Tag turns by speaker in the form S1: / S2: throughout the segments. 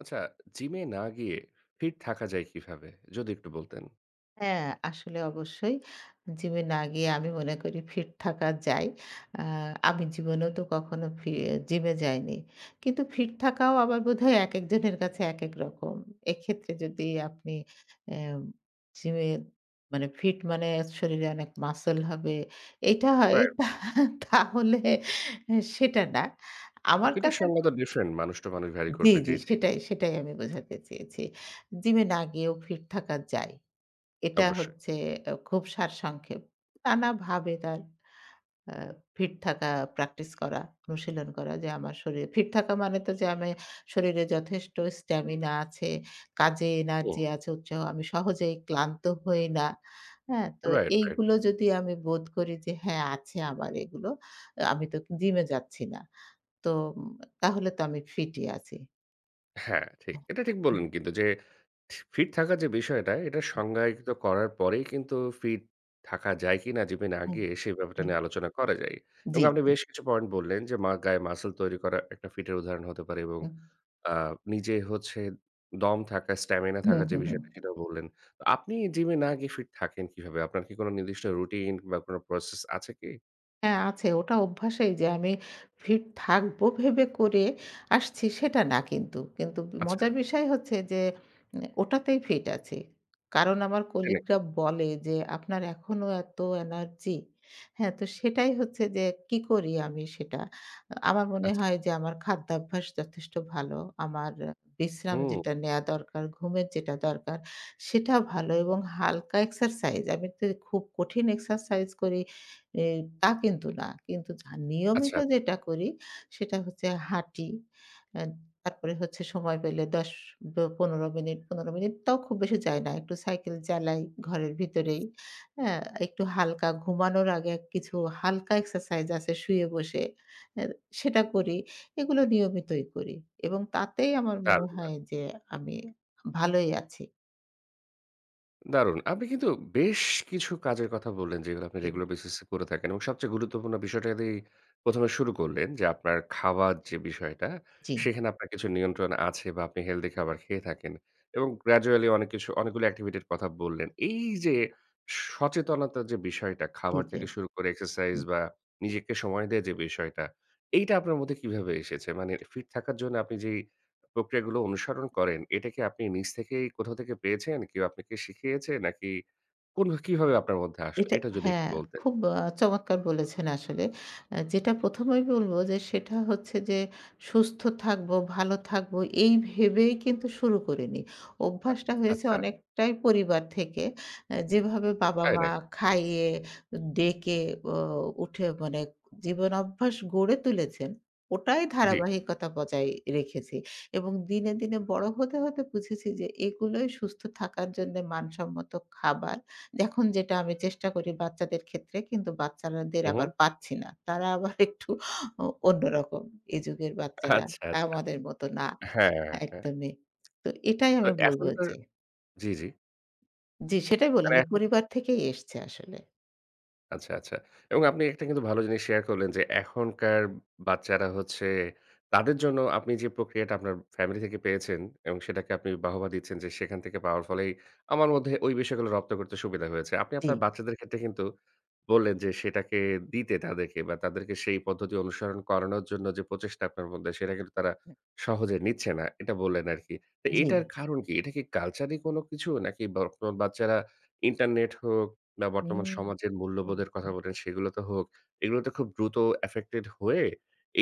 S1: আচ্ছা, জিমে না গিয়ে ফিট থাকা যায় কিভাবে, যদি একটু বলতেন?
S2: হ্যাঁ, আসলে অবশ্যই। জিম এ না গিয়ে আমি মনে করি ফিট থাকা যায়। অ্যা আমি জীবনেও তো কখনো ফি জিমে যাইনি। কিন্তু ফিট থাকাও আবার বোধহয়, একেকজনের কাছে একেক রকম। এক্ষেত্রে যদি আপনি অ্যাম জিমে মানে, ফিট মানে শরীরে অনেক মাসল হবে। এটা হয়,
S1: রাইট।
S2: তাহলে অ সেটা না। আমার
S1: ফিট এর
S2: কাছে
S1: সংজ্ঞা তো ডিফরেন্ট। মানুষ টু মানুষ ভ্যারি
S2: জি,
S1: করবে।
S2: জি
S1: জি, জি।
S2: সেটাই, সেটাই আমি বোঝাতে চেয়েছি। জিম এ না গিয়েও ফিট থাকা যায়। এটা
S1: অবশ্যই।
S2: হচ্ছে এ খুব সারসংক্ষেপ। নানাভাবে তার অ্যা ফিট থাকা প্র্যাকটিস করা, অনুশীলন করা। যে আমার শরী ফিট থাকা মানে তো যে আমি শরীরে যথেষ্ট স্টামিনা আছে, কাজে
S1: হুম।
S2: এনার্জি আছে, উৎসাহ, আমি সহজেই ক্লান্ত হই না। হ্যাঁ? তো
S1: রাইট, রাইট।
S2: এইগুলো যদি আমি বোধ করি যে হ্যাঁ, আছে আমার এগুলো। অ্যা আমি তো জিমে যাচ্ছি না। তো আম তাহলে তো আমি ফিট ই আছি।
S1: হ্যাঁ ঠিক, এটা ঠিক
S2: হুম।
S1: বললেন কিন্তু। যে ফি ফিট থাকার যে বিষয়টা, এটা সংজ্ঞায়িত করার পরেই কিন্তু ফিট থাকা যায় কি না জিমে না
S2: হুম,
S1: গিয়ে, সে ব্যাপারটা
S2: হুম।
S1: নিয়ে আলোচনা করা যায়।
S2: জি,
S1: এবং আপনি
S2: জি।
S1: বেশ কিছু পয়েন্ট বললেন যে, মা গায়ে মাসল তৈরি করা একটা ফিটের উদাহরণ হতে পারে এবং
S2: হুম।
S1: আ নিজে হচ্ছে দম থাকা, স্টামিনা
S2: হুম,
S1: থাকার যে
S2: হুম, হুম।
S1: বিষয়টা সেটাও বললেন। তো আপনি জিমে না গিয়ে ফিট থাকেন কীভাবে? আপনার কি কোনো নির্দিষ্ট রুটিন কিংবা বা কোনো প্রসেস আছে কি?
S2: হ্যাঁ, আছে। ওটা অভ্যাসেই যে আমি ফিট থাকব ভেবে করে আসছি সেটা না কিন্তু। কিন্তু ব
S1: আচ্ছা।
S2: মজার বিষয় হচ্ছে যে উনে ওটাতেই ফিট আছি। কারণ আমার
S1: তাই নাকি?
S2: কলিগরা বলে যে, "আপনার এখনো এত এনার্জি?" হ্যাঁ? তো সেটাই হচ্ছে যে, কী করি আমি সেটা। আ আমার মনে
S1: আচ্ছা।
S2: হয় যে আমার খাদ্যাভ্যাস যথেষ্ট ভালো। আমার আ বিশ্রাম
S1: হুম, হুম।
S2: যেটা নেওয়া দরকার, ঘুমের যেটা দরকার। সেটা ভালো এবং হালকা এক্সারসাইজ, আমি তে খুব কঠিন এক্সারসাইজ করি এ তা কিন্তু না। কিন্তু যা
S1: আচ্ছা,
S2: নিয়মিত
S1: আচ্ছা।
S2: যেটা করি, সেটা হচ্ছে হাঁটি। আ তারপরে হচ্ছে সময় পেলে ১০ বা ১৫ মিনিট ১৫ মিনিট তাও খুব বেশি যাই না। একটু সাইকেল চালাই ঘরের ভেতরেই, হ্যাঁ? একটু হালকা ঘুমানোর আগে কিছু হালকা এক্সারসাইজ আছে শুয়ে বসে, আ সেটা করি। এগুলো নিয়মিতই করি এবং তাতেই আমার
S1: তার
S2: মনে
S1: গুলা।
S2: হয় যে আমি ভালোই আছি।
S1: দারুন। আপনি কিন্তু বেশ কিছু কাজের কথা বললেন, যেগুলো আপনি
S2: হুম।
S1: রেগুলার বেসিস এ করে থাকেন এবং সবচেয়ে গুরুত্বপূর্ণ বিষয়টা দি ১ম এ শুরু করলেন। যে আপনার খাবার যে বিষয়টা
S2: জি।
S1: সেখানে আপনার কিছু নিয়ন্ত্রণ আছে। বা আপনি হেলদি খাবার খেয়ে থাকেন। এবং গ্রাজুয়ালি অনেক কিছু অনেকগুলো এক্টিভিটি এর কথা বললেন। এই যে সচেতনতা যে বিষয়টা খাবার
S2: দিতে।
S1: থেকে শুরু করে এক্সারসাইজ
S2: হুম।
S1: বা নিজেকে সময় দেয়া যে বিষয়টা। এইটা আপনার মধ্যে কীভাবে এসেছে? মানে ফিট থাকার জন্য আপনি যেই প্রক্রিয়াগুলো অনুসরণ করেন এটা কি আপনি নিজ থেকেই কোথাও থেকে পেয়েছেন? কেউ আপনাকে শিখিয়েছে নাকি? কোন কীভাবে আপনার মধ্যে আসলো?
S2: ওইটা
S1: এটা যদি একটু
S2: হ্যাঁ
S1: বলতেন।
S2: খুব আ চমৎকার বলেছেন আসলে। আ যেটা ১ম এই বলব যে সেটা হচ্ছে যে সুস্থ থাকবো, ভালো থাকবো এই ভেবেই কিন্তু শুরু করে নিই।
S1: আ
S2: অভ্যাসটা হয়েছে
S1: আচ্ছা।
S2: অনেকটাই পরিবার থেকে। এ যেভাবে
S1: তাই
S2: বাবা-মা
S1: নাকি?
S2: খাইয়ে, ডেকে ও উঠে মানে জীবন অভ্যাস গড়ে তুলেছেন, ওটাই
S1: জি।
S2: ধারাবাহিকতা বজাই রেখেছি এবং দিনে, দিনে বড় হতে, হতে বুঝেছি যে, এগুলোই সুস্থ থাকার জন্য মানসম্মত খাবার। দেখুন যেটা আমি চেষ্টা করি বাচ্চাদের ক্ষেত্রে। কিন্তু বাচ্চারা দের
S1: হুম,
S2: আবার
S1: হুম।
S2: পারছি না তারা আবার একটু অ অন্যরকম। এ যুগের বাচ্চারা
S1: আচ্ছা, আচ্ছা।
S2: আমাদের মতো না
S1: হ্যাঁ, হ্যাঁ।
S2: একদমই। তো এটাই
S1: তো
S2: আমি বলবো
S1: এখনকার
S2: যে
S1: জি, জি।
S2: জ্বি, সেটাই বললাম
S1: তারা
S2: যে,
S1: এখন
S2: পরিবার থেকেই এসছে আসলে।
S1: আচ্ছা, আচ্ছা। এবং আপনি একটা কিন্তু ভালো জিনিস শেয়ার করলেন। যে, এখনকার বাচ্চারা হচ্ছে, তাদের জন্য আপনি যে প্রক্রিয়াটা আপনার ফ্যামিলি থেকে পেয়েছেন। এবং সেটাকে আপনি বাহবা দিচ্ছেন যে, সেখান থেকে পাওয়ার ফলেই আমার মধ্যে ওই বিষয়গুলো রপ্ত করতে সুবিধা হয়েছে। আপনি আপনার
S2: জ্বী।
S1: বাচ্চাদের ক্ষেত্রে কিন্তু বললেন যে, সেটাকে দিতে তাদেরকে বা তাদেরকে সেই পদ্ধতি অনুসরণ করানোর জন্য যে প্রচেষ্টা আপনার মধ্যে সেটা কিন্তু তারা
S2: হু।
S1: সহজে নিচ্ছে না। এটা বললেন আরকি। তো
S2: জ্বী।
S1: এইটার কারণ কি? এটা কি কালচারি কোন কিছু? নাকি বা বাচ্চারা ইন্টারনেট হোক, বা বর্তমান
S2: হুম।
S1: সমাজের
S2: হুম।
S1: মূল্যবোধের কথা বলেন সেগুলোতে হোক। এগুলোতে খুব দ্রুত এফেক্টেড হয়ে,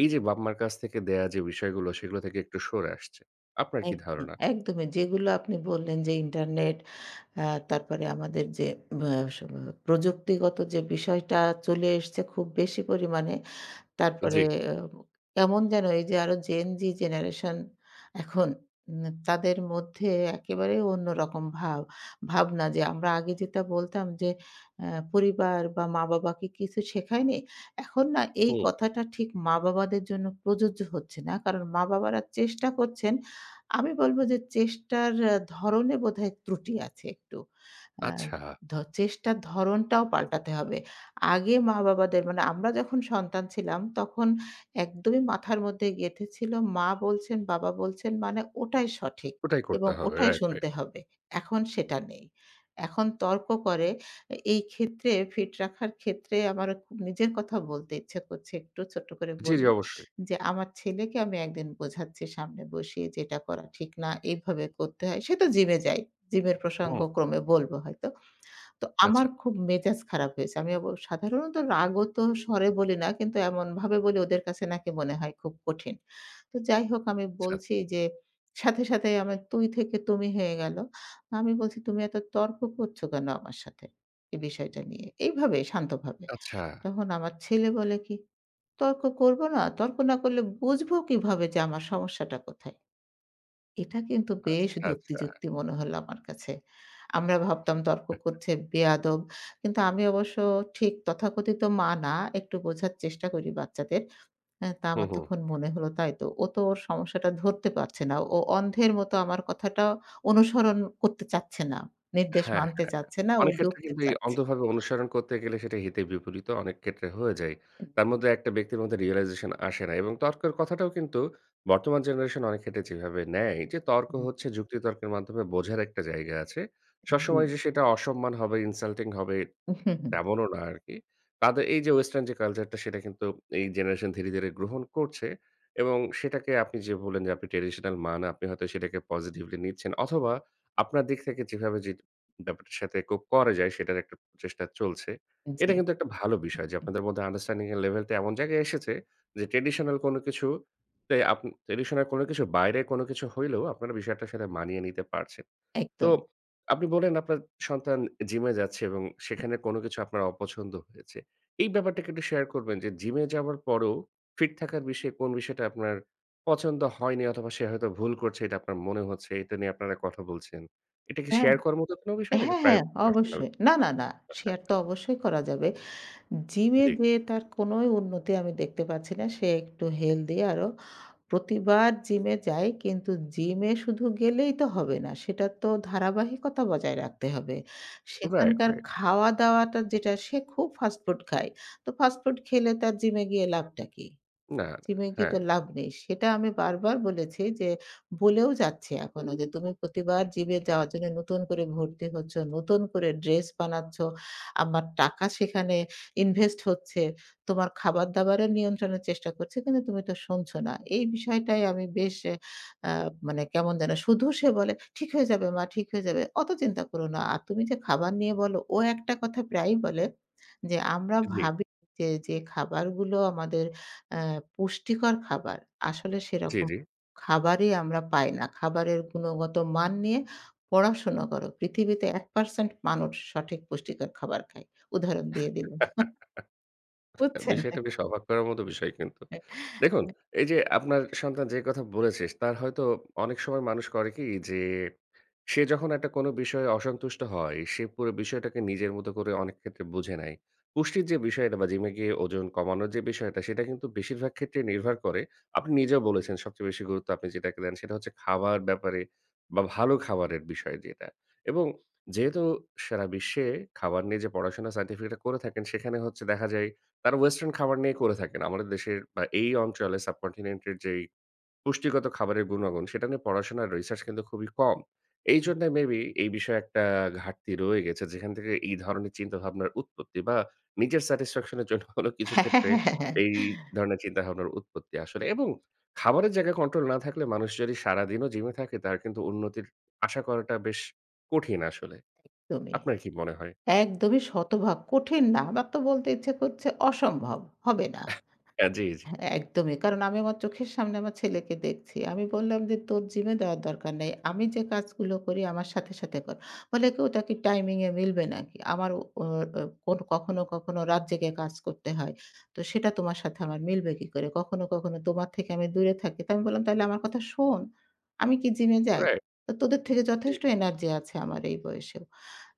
S1: এইযে বাপ-মার কাছ থেকে দেয়া যে বিষয়গুলো সেগুলো থেকে একটু সরে আসছে। আপনার কি
S2: একদম,
S1: ধারণা?
S2: একদমই যেগুলো আপনি বললেন। যে, ইন্টারনেট আ তারপরে আমাদের যে আব আ স প্রযুক্তিগত যে বিষয়টা চলে এসছে খুব বেশি পরিমাণে। তারপরে
S1: জ্বী।
S2: এ ও কেমন যেন এই যে আরো Gen Z জেনারেশন এখন ন তাদের মধ্যে একেবারে অন্যরকম ভাব ভাবনা যে আমরা আগে যেটা বলতাম যে, "আ পরিবার বা মা-বাবা কি কিছু শেখায়নি?" এখন না এই
S1: হুম।
S2: কথাটা ঠিক মা-বাবাদের জন্য প্রযোজ্য হচ্ছে না। কারণ, মা-বাবারা চেষ্টা করছেন। আমি বলবো যে চেষ্টার এ ধরণে বোধহয় ত্রুটি আছে একটু। আ
S1: আচ্ছা।
S2: ধো চেষ্টার ধরনটাও পাল্টাতে হবে। আগে মা-বাবাদের মানে আমরা যখন সন্তান ছিলাম, তখন একদমই মাথার মধ্যে গেঁথে ছিল মা বলছেন, বাবা বলছেন মানে ওটাই সঠিক
S1: ওটাই করতে
S2: এবং
S1: হবে।
S2: ওটাই
S1: রাইট, রাাইট।
S2: শুনতে হবে। এখন সেটা নেই। এখন তর্ক করে। এ এই ক্ষেত্রে, ফিট রাখার ক্ষেত্রে আমার ক নিজের কথা বলতে ইচ্ছা করছে। একটু ছোট্ট করে
S1: জ্বী, জ্বী।
S2: বলি।
S1: অবশ্যই।
S2: যে, আমার ছেলেকে আমি একদিন বোঝাচ্ছি সামনে বসিয়ে যে, "এটা করা ঠিক না। এভাবে করতে হয়।" সে তো জিম এ যায়। জিম এর প্রসঙ্গ
S1: হুম।
S2: ক্রমে বলবো হয়তো। তো আমার
S1: আচ্ছা।
S2: খুব মেজাজ খারাপ হয়েছে। আমি অব সাধারণত রাগত্ব স্বরে বলি না। কিন্তু এমনভাবে বলি ওদের কাছে নাকি মনে হয় খুব কঠিন। তো যাই হোক আমি
S1: আচ্ছা, আচ্ছা।
S2: বলছি যে, সাথে, সাথে আমার তুই থেকে তুমি হয়ে গেল। আমি বলছি, "তুমি এত তর্ক করছ কেন আমার সাথে? এই বিষয়টা নিয়ে?" এইভাবে, শান্তভাবে।
S1: আচ্ছা।
S2: তখন আমার ছেলে বলে কি? "তর্ক করব না? তর্ক না করলে বুঝব কিভাবে যে আমার সমস্যাটা কোথায়?" এটা কিন্তু বেশ
S1: আচ্ছা,
S2: যুক্তি,
S1: আচ্ছা।
S2: যুক্তি মনে হলো আমার কাছে। আমরা ভাবতাম তর্ক করছে, বেয়াদব! কিন্তু আমি অবশ্য ঠিক তথাকথিত মা না। একটু বোঝার চেষ্টা করি বাচ্চাদের। আ তা
S1: হু,
S2: আমার
S1: হু।
S2: তখন মনে হল তাই তো। ও তো ওর সমস্যাটা ধরতে পারছে না। ও অন্ধের মত আমার কথাটা অনুসরণ করতে চাচ্ছে না। নির্দেশ
S1: হ্যাঁ,
S2: মানতে
S1: হ্যাঁ।
S2: চাচ্ছে না। ও
S1: অনেক ক্ষেত্রে
S2: যুক্তি
S1: কিন্তু এই
S2: চাচ্ছে।
S1: অন্ধভাবে অনুসরণ করতে গেলে সেটা হিতে বিপরীতও অনেক ক্ষেত্রে হয়ে যায়। তার মধ্যে একটা ব্যক্তির মধ্যে রিয়ালাইজেশন আসে না এবং তর্কের কথাটাও কিন্তু বর্তমান জেনারেশন অনেক ক্ষেত্রে যেভাবে নেয়। যে, তর্ক
S2: হুম।
S1: হচ্ছে যুক্তি তর্কের মাধ্যমে বোঝার একটা জায়গা আছে।
S2: জ্বী।
S1: সবসময় যে সেটা অসম্মান হবে, ইনসাল্টিং হবে তেমনও না আরকি। তাদের এই যে ওয়েস্টার্ন যে কালচারটা সেটা কিন্তু এই জেনারেশন ধীরে, ধীরে গ্রহণ করছে। এবং সেটাকে আপনি যে বললেন যে, আপনি ট্র্যাডিশনাল মা না। আপনি হয়তো সেটাকে পজিটিভলি নিচ্ছেন অথবা আপনার দিক থেকে যেভাবে যে ব্যাপারটার সাথে কোপ করা যায় সেটার একটা প্রচেষ্টা চলছে। এটা
S2: জ্বী।
S1: কিন্তু একটা ভালো বিষয়। যে, আপনাদের মধ্যে আন্ডারস্ট্যান্ডিং এর লেভেল টা এমন জায়গায় এসেছে যে, ট্র্যাডিশনাল কোন কিছু তে আপনি ট্র্যাডিশনাল কোন কিছু বাইরে কোন কিছু হইলেও আপনারা বিষয়টার সাথে মানিয়ে নিতে পারছেন। তো,
S2: একদম।
S1: আপনি বললেন আপনার সন্তান জিমে যাচ্ছে এবং সেখানে কোন কিছু আপনার অপছন্দ হয়েছে। এই ব্যাপারটা কি একটু শেয়ার করবেন? যে, জিম এ যাওয়ার পরও ফিট থাকার বিষয়ে কোন বিষয়টা আপনার পছন্দ হয়নি? অথবা সে হয়তো ভুল করছে, এটা আপনার মনে হচ্ছে। এটা নিয়ে আপনারা কথা বলছেন। এটা কি
S2: হ্যাঁ।
S1: শেয়ার করার মত কোনো বিষয় নাকি
S2: হ্যাঁ,
S1: প্রায়
S2: হ্যাঁ।
S1: পারসোনাল?
S2: অবশ্যই। না, না, না।
S1: আচ্ছা,
S2: শেয়ার
S1: আচ্ছা।
S2: তো অবশ্যই করা যাবে। জিমে
S1: জ্বী।
S2: যেয়ে তার কোনোই উন্নতি আমি দেখতে পাচ্ছি না। সে একটু হেলদি আরও। প্রতিবার জিমে যায় কিন্তু জিমে শুধু গেলেই তো হবে না। সেটার তো ধারাবাহিকতা বজায় রাখতে হবে।
S1: রাইট,
S2: সেখানকার
S1: রাইট।
S2: খাওয়া-দাওয়াটা যেটা, সে খুব ফাস্টফুড খায়। তো ফাস্টফুড খেলে তার জিমে গিয়ে লাভটা কী?
S1: না, না।
S2: জিমে
S1: হ্যাঁ,
S2: গিয়ে
S1: হ্যাঁ।
S2: তো লাভ নেই। সেটা আমি বারবার বলেছি যে, বলেও যাচ্ছি এখনো। যে, "তুমি প্রতিবার জিমে যাওয়ার জন্য নতুন করে ভর্তি হচ্ছ, নতুন করে ড্রেস বানাচ্ছ। আমার টাকা সেখানে ইনভেস্ট হচ্ছে। তোমার খাবার-দাবারের নিয়ন্ত্রণের চেষ্টা করছি। কিন্তু তুমি তো শুনছ না।" এই বিষয়টাই আমি বেশ এ আ মানে কেমন যেন। শুধু সে বলে, "ঠিক হয়ে যাবে, মা। ঠিক হয়ে যাবে। অত চিন্তা করো না। আর, তুমি যে খাবার নিয়ে বলো" ও একটা কথা প্রায়ই বলে। যে, "আমরা
S1: জ্বী।
S2: ভাবি যে, যে খাবারগুলো আমাদের আ পুষ্টিকর খাবার। আসলে
S1: জ্বী,
S2: সেরকম
S1: জ্বী।
S2: খাবারই আমরা পাই না। খাবারের গুণগত মান নিয়ে পড়াশোনা করো। পৃথিবীতে ১% মানুষ সঠিক পুষ্টিকর খাবার খায়।" উদাহরণ দিয়ে দিলো। বুঝছেন!
S1: বিষয়টা বেশ অবাক করার মত বিষয় কিন্তু! দেখুন, এই যে আপনার সন্তান যে কথা বলেছে তার হয়তো অনেক সময় মানুষ করে কি যে, সে যখন একটা কোন বিষয়ে অসন্তুষ্ট হয়। সে পুরো বিষয়টাকে নিজের মতো করে অনেক ক্ষেত্রে বুঝে নেয়। পুষ্টির যে বিষয়টা বা জিমে গিয়ে ওজন কমানোর যে বিষয়টা। সেটা কিন্তু বেশিরভাগ ক্ষেত্রেই নির্ভর করে। আপনি নিজেও বলেছেন সবচেয়ে বেশি গুরুত্ব আপনি যেটাকে দেন সেটা হচ্ছে খাবার ব্যাপারে বা ভালো খাবারের বিষয় যেটা। এবং যেহেতু সারা বিশ্বে খাবার নিয়ে যে পড়াশোনা সাইন্টিফিকরা করে থাকেন সেখানে হচ্ছে দেখা যায় তারা ওয়েস্টার্ন খাবার নিয়ে করে থাকেন। আমাদের দেশের বা এই অঞ্চলে সাবকন্টিনেন্ট এর যেই পুষ্টিগত খাবারের গুণাগুণ, সেটা নিয়ে পড়াশোনার রিসার্চ কিন্তু খুবই কম। এইজন্য মেবি এই বিষয়ে একটা ঘাটতি রয়ে গেছে। যেখান থেকে এই ধরনের চিন্তাভাবনার উৎপত্তি বা নিজের স্যাটিসফ্যাকশন এর জন্য হলেও কিছু
S2: হ্যাঁ, হ্যাঁ,
S1: ক্ষেত্রে
S2: হ্যাঁ, হ্যাঁ।
S1: এই ধরনের চিন্তাভাবনার উৎপত্তি আসলে। এবং খাবারের জায়গায় কন্ট্রোল না থাকলে মানুষ যদি সারাদিনও জিম এ থাকে তার কিন্তু উন্নতির আশা করাটা বেশ কঠিন আসলে।
S2: একদমই।
S1: আপনার কী মনে হয়?
S2: একদমই শতভাগ। কঠিন না। আমার তো বলতে ইচ্ছে করছে। অসম্ভব, হবে না।
S1: হ্যাঁ। জ্বী, জ্বী।
S2: এ একদমই। কারণ, আমি আমার চোখের সামনে আমার ছেলেকে দেখছি। আমি বললাম যে, "তোর জিম এ দেওয়ার দরকার নাই। আমি যে কাজগুলো করি আমার সাথে, সাথে কর।" বলে কি? "ওটা কি টাইমিং এ মিলবে নাকি? আমারও" ও ওর কখনো, কখনো রাত জেগে কাজ করতে হয়। "তো সেটা তোমার সাথে আমার মিলবে কি করে? কখনো, কখনো তোমার থেকে আমি দূরে থাকি।" তা আমি বললাম, "তাইলে আমার কথা শোন। আমি কি জিম এ যাই?
S1: রাইট।
S2: তো তোদের থেকে
S1: জ্বী।
S2: যথেষ্ট এনার্জি আছে আমার এই বয়সেও।"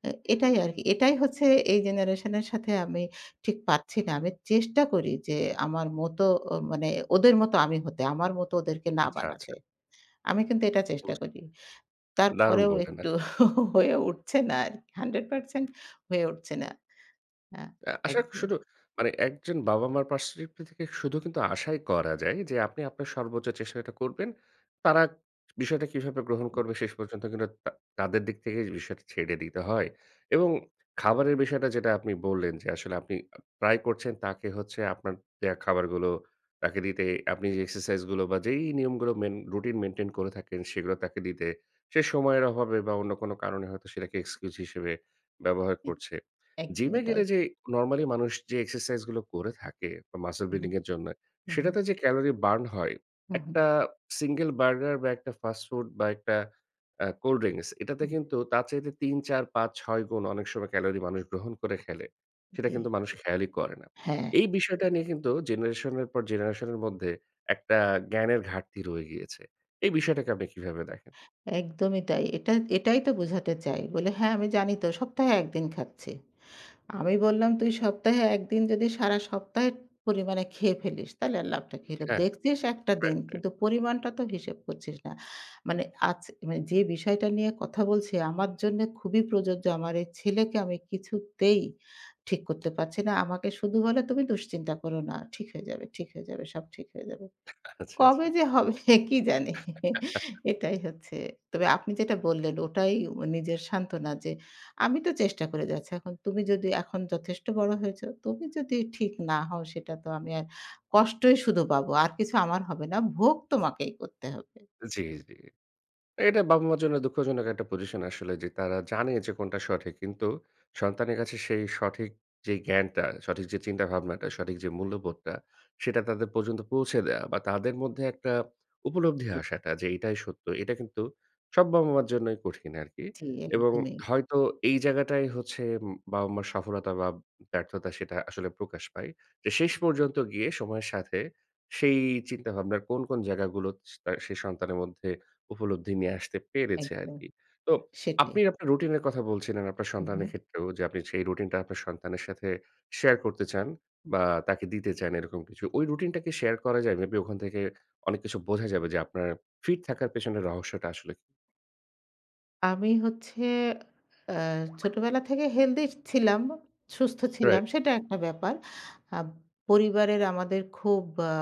S2: এ এটাই আরকি। এটাই হচ্ছে এই জেনারেশনের সাথে আমি ঠিক পারছি না। আমি চেষ্টা করি যে, আমার মতো ও মানে ওদের মতো আমি হতে। আমার মতো ওদেরকে না
S1: আচ্ছা, আচ্ছা।
S2: বানাতে। আমি কিন্তু এটা চেষ্টা
S1: বুজ
S2: করি।
S1: দারুন
S2: তারপরেও
S1: বললেন
S2: একটু
S1: আস
S2: হয়ে উঠছে না আর। 100% হয়ে উঠছে না। হ্যাঁ,
S1: আ আশা ক
S2: একদম।
S1: শুধু, মানে একজন বাবা-মার পারস্পেক্টিভ থেকে শুধু কিন্তু আশাই করা যায়। যে, আপনি আপনার সর্বোচ্চ চেষ্টাটা করবেন। তারা বিষয়টা কিভাবে গ্রহণ করবে শেষ পর্যন্ত কিন্তু তা তাদের দিক থেকে বিষয়টা ছেড়ে দিতে হয়। এবং খাবারের বিষয়টা যেটা আপনি বললেন যে আসলে আপনি অ ট্রাই করছেন। তাকে হচ্ছে আপনার দেয়া খাবারগুলো তাকে দিতে। আপনি যে এক্সারসাইজ গুলো বা যেই নিয়মগুলো মেইন রুটিন মেইনটেইন করে থাকেন সেগুলো তাকে দিতে। সে সময়ের অভাবে বা অন্য কোনো কারণে হয়তো সেটাকে এক্সকিউজ হিসেবে ব্যবহার করছে। জিম এ
S2: একদমই তাই।
S1: গেলে যে, নরমালি মানুষ যে এক্সারসাইজ গুলো করে থাকে বা মাসল
S2: হু, হু।
S1: বিল্ডিং এর জন্য।
S2: হু, হু।
S1: সেটাতে যে ক্যালোরি বার্ন হয়,
S2: হু, হু।
S1: একটা সিঙ্গল বার্গার বা একটা ফাস্ট ফুড বা একটা আ কোল্ড ড্রিংকস এটাতে
S2: হুম।
S1: কিন্তু তার চাইতে ৩-৪-৫-৬ গুণ অনেক সময় ক্যালোরি মানুষ গ্রহণ করে ফেলে। সেটা
S2: জ্বী।
S1: কিন্তু মানুষ খেয়ালই করে না।
S2: হ্যাঁ।
S1: এই বিষয়টা নিয়ে কিন্তু জেনারেশন এর পর জেনারেশন এর মধ্যে একটা জ্ঞানের ঘাটতি রয়ে গিয়েছে। এই বিষয়টাকে আপনি কিভাবে দেখেন?
S2: একদমই তাই। এটা এটাই তো বোঝাতে চাই। বলে, "হ্যাঁ, আমি জানি তো সপ্তাহে ১ দিন খাচ্ছি।" আমি বললাম, "তুই সপ্তাহে একদিন যদি সারা সপ্তাহের পরিমাণে খেয়ে ফেলিস, তাহলে আর লাভটা কী হল?
S1: হ্যাঁ।
S2: দেখছিস ১ টা
S1: রাইট,
S2: দিন।
S1: রাইট।
S2: কিন্তু পরিমাণটা তো হিসেব করছিস না।" মানে আজ মানে যে বিষয়টা নিয়ে কথা বলছি আমার জন্য খুবই প্রযোজ্য। আমার এই ছেলেকে আমি কিছুতেই ঠিক করতে পারছি না। আমাকে শুধু বলে, "তুমি দুশ্চিন্তা করো না। ঠিক হয়ে যাবে। ঠিক হয়ে যাবে। সব ঠিক হয়ে যাবে।"
S1: আচ্ছা, আচ্ছা।
S2: কবে যে হবে, কী জানি? এটাই হচ্ছে। তবে আপনি যেটা বললেন ওটাই ও নিজের সান্ত্বনা যে, "আমি তো চেষ্টা করে যাচ্ছি। এখন তুমি যদি এখন যথেষ্ট বড় হয়েছ, তুমি যদি ঠিক না হও সেটা তো আমি আর কষ্টই শুধু পাবো। আর কিছু আমার হবে না। ভোগ তোমাকেই করতে হবে।"
S1: জ্বী, জ্বী। এটা বাবা-মার জন্য দুঃখজনক একটা পজিশন আসলে। যে, তারা জানে যে কোনটা সঠিক। কিন্তু, সন্তানের কাছে সেই সঠিক যে জ্ঞানটা, সঠিক যে চিন্তাভাবনাটা, সঠিক যে মূল্যবোধটা সেটা তাদের পর্যন্ত পৌঁছে দেওয়া বা তাদের মধ্যে একটা উপলব্ধি আসাটা যে এইটাই সত্য। এটা কিন্তু সব বাবা-মার জন্যই কঠিন আরকি
S2: জ্বী,
S1: এবং
S2: একদমই।
S1: হয়তো এই জায়গাটাই হচ্ছে উম বাবা-মার সফলতা বা ব্যর্থতা, সেটা আসলে প্রকাশ পায়। যে, শেষ পর্যন্ত গিয়ে সময়ের সাথে সেই চিন্তাভাবনার কোন, কোন জায়গাগুলো স তার সেই সন্তানের মধ্যে উপলব্ধি নিয়ে আসতে পেরেছে
S2: একদম,
S1: আরকি। তো,
S2: সেটাই।
S1: আপনি আপনার রুটিন এর কথা বলছিলেন। আপনার
S2: হু,
S1: সন্তানের
S2: হু।
S1: ক্ষেত্রেও যে আপনি সেই রুটিনটা আপনার সন্তানের সাথে শেয়ার করতে চান
S2: হুম।
S1: বা তাকে দিতে চান এরকম কিছু। ওই রুটিনটা কি শেয়ার করা যায়? মেবি ওখান থেকে অনেক কিছু বোঝা যাবে যে, আপনার ফিট থাকার পিছনে রহস্যটা আসলে
S2: আমি হচ্ছে অ্যা ছোটবেলা থেকে হেলদি ছিলাম, সুস্থ
S1: Right.
S2: ছিলাম, সেটাএকটা ব্যাপার। আ পরিবারের আমাদের খুব ব্যা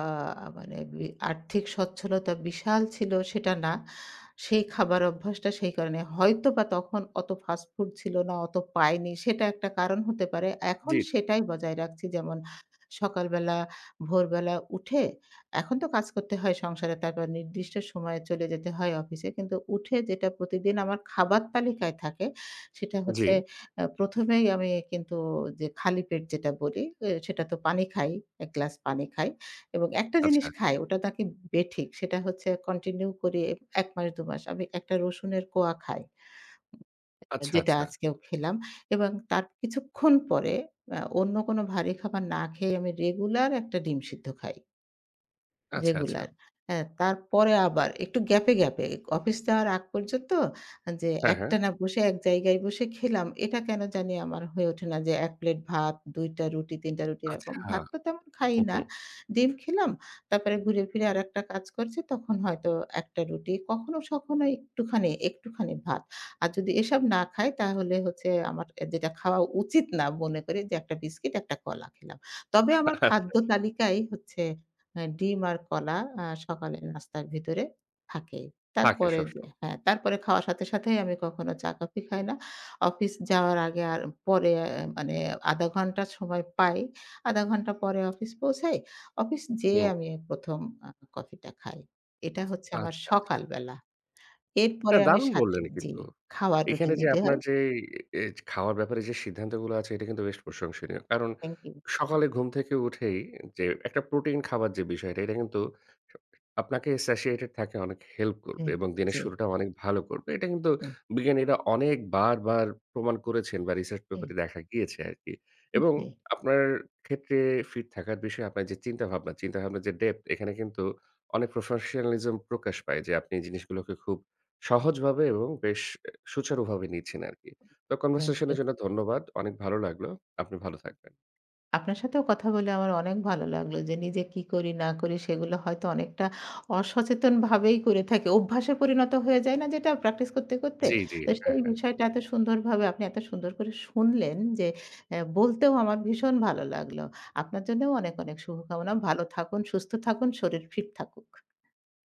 S2: মানে বি আর্থিক স্বচ্ছলতা বিশাল ছিল সেটা না। সেই খাবার অভ্যাসটা সেই কারণে হয়তো বা তখন অত ফাস্টফুড ছিল না, অত পাইনি সেটা একটা কারণ হতে পারে। এখন
S1: জি, জি।
S2: সেটাই বজায় রাখছি যেমন অ্যা সকালবেলা, ভোরবেলা উঠে এখন তো কাজ করতে হয় সংসারে তারপর নির্দিষ্ট সময়ে চলে যেতে হয় অফিসে, কিন্তু উঠে যেটা প্রতিদিন আমার খাবার তালিকায় থাকে, সেটা হচ্ছে
S1: জী।
S2: আ ১ম এই আমি কিন্তু যে খালি পেট যেটা বলি অ্যা সেটা তো পানি খাই। ১ গ্লাস পানি খাই। এবং একটা জিনিস
S1: আচ্ছা।
S2: খাই, ওটা নাকি বেঠিক। সেটা হচ্ছে কন্টিনিউ করি এ এক মাস ২ মাস, আমি ১ টা রসুনের কোয়া খাই।
S1: আচ্ছা,
S2: যেটা
S1: আচ্ছা।
S2: আজকেও খেলাম। এবং তার কিছুক্ষণ পরে অ্যা অন্য কোন ভারী খাবার না খেয়ে আমি রেগুলার ১ টা ডিম সিদ্ধ খাই।
S1: আচ্ছা, আচ্ছা।
S2: রেগুলার। হ্যাঁ, তারপরে আবার একটু গ্যাপ এ গ্যাপে অফিস যাওয়ার আগ পর্যন্ত, যে
S1: হ্যাঁ, হ্যাঁ।
S2: একটানা বসে এক জায়গায় বসে খেলাম। এটা কেন জানি আমার হয়ে ওঠে না, যে ১ প্লেট ভাত, ২ টা রুটি, ৩ টা রুটি
S1: আচ্ছা!
S2: এরকম। ভাত তো তেমন খাই
S1: হু, হু।
S2: না। ডিম খেলাম তারপরে ঘুরে ফিরে আরেকটা কাজ করছি তখন হয়তো ১ টা রুটি কখনো সখনো একটুখানি, একটুখানি ভাত। আর যদি এসব না খাই তাহলে হচ্ছে আমার অ্যা যেটা খাওয়া উচিত না মনে করি যে, ১ টা বিস্কিট ১ টা কলা খেলাম। তবে
S1: আচ্ছা,
S2: আমার
S1: আচ্ছা।
S2: খাদ্য তালিকাই হচ্ছে অ্যা ডিম আর কলা অ্যা সকালের নাস্তার ভিতরে থাকেই।
S1: থাকে
S2: তারপরে যে
S1: সবসময়।
S2: হ্যাঁ, তারপরে খাওয়ার সাথে সাথেই আমি কখনো চা কফি খাই না। অফিস যাওয়ার আগে আর পরে অ্যা মানে অ্যা ০.৫ ঘন্টা সময় পাই। ০.৫ ঘন্টা পরে অফিস পৌঁছাই। অফিস যেয়ে
S1: হুম।
S2: আমি ১ম অ্যা কফিটা খাই। এটা হচ্ছে আমার
S1: আচ্ছা, আচ্ছা।
S2: সকালবেলা।
S1: না,
S2: এরপরে আমি
S1: দারুণ
S2: সাথে
S1: বললেন
S2: জি,
S1: কিন্তু!
S2: খাওয়ার রুটিন
S1: এখানে যে
S2: যদি
S1: আপনার
S2: হয়
S1: যেই এজ খাওয়ার ব্যাপারে যে সিদ্ধান্তগুলা আছে এটা কিন্তু বেশ প্রশংসনীয়। কারণ
S2: Thank you!
S1: সকালে ঘুম থেকে উঠেই যে একটা প্রোটিন খাবার যে বিষয়টা এটা কিন্তু আ আপনাকে satiated থাকে অনেক হেল্প করবে
S2: হুম,
S1: এবং দিনের
S2: জি।
S1: শুরুটা অনেক ভালো করবে। এটা কিন্তু
S2: হুম।
S1: বিজ্ঞানীরা অনেক বারবার প্রমাণ করেছেন বা research paper
S2: এই!
S1: এ দেখা গিয়েছে আরকি। এবং
S2: জি।
S1: আপনার ক্ষেত্রে ফিট থাকার বিষয়ে আপনার যে চিন্তা ভাবনা, চিন্তাভাবনার যে depth এখানে কিন্তু অনেক professionalism প্রকাশ পায় যে আপনি এই জিনিসগুলোকে খুব সহজভাবে এবং বেশ অ্যা সুচারুভাবে নিচ্ছেন আরকি। তো
S2: Thank
S1: conversation এর
S2: you!
S1: জন্য ধন্যবাদ। অনেক ভালো লাগলো। আপনি ভালো থাকবেন।
S2: আপনার সাথেও কথা বলে আমার অনেক ভালো লাগলো। যে নিজে কি করি না করি সেগুলো হয়তো অনেকটা অসচেতনভাবেই করে থাকি। অভ্যাসে পরিণত হয়ে যায় না? যেটা প্র্যাকটিস করতে, করতে।
S1: জ্বি, জ্বি,
S2: তো
S1: হ্যাঁ,
S2: সেই
S1: হ্যাঁ।
S2: বিষয়টা এত সুন্দরভাবে আপনি এত সুন্দর করে শুনলেন যে অ্যা বলতেও আমার ভীষণ ভালো লাগলো। আপনার জন্যও অনেক, অনেক শুভকামনা। ভালো থাকুন, সুস্থ থাকুন, শরীর ফিট থাকুক।